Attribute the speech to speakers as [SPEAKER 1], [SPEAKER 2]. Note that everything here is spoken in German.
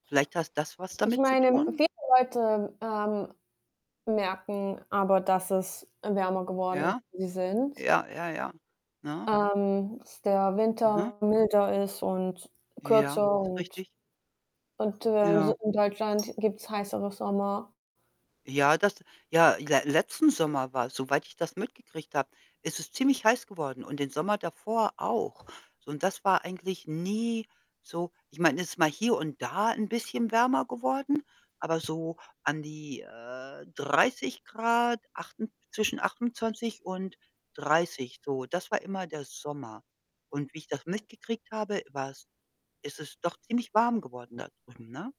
[SPEAKER 1] Vielleicht hast das was
[SPEAKER 2] Ich
[SPEAKER 1] damit zu
[SPEAKER 2] meine,
[SPEAKER 1] tun?
[SPEAKER 2] viele Leute, ähm, merken aber, dass es, äh, wärmer geworden ist
[SPEAKER 1] Ja?
[SPEAKER 2] [unintelligible] die sind.
[SPEAKER 1] Ja, ja, ja, ne?
[SPEAKER 2] Ähm, dass der
[SPEAKER 1] Mhm.
[SPEAKER 2] Winter milder ist und
[SPEAKER 1] Ja,
[SPEAKER 2] kürzer
[SPEAKER 1] ist
[SPEAKER 2] und
[SPEAKER 1] richtig.
[SPEAKER 2] und, äh,
[SPEAKER 1] Ja.
[SPEAKER 2] [unintelligible] gibt's heißere Sommer.
[SPEAKER 1] Ja, das ja ja letzten Sommer war's soweit ich das mitgekriegt habe, ist es ziemlich heiß geworden und den Sommer davor auch. So und das war eigentlich nie so ich meine, es ist mal hier und da 'n bisschen wärmer geworden, aber so an die, äh, 30 C, achten zwischen 28 C und 30 C so. Das war immer der Sommer und wie ich das mitgekriegt habe, war's ist es doch ziemlich warm geworden da drüben, ne?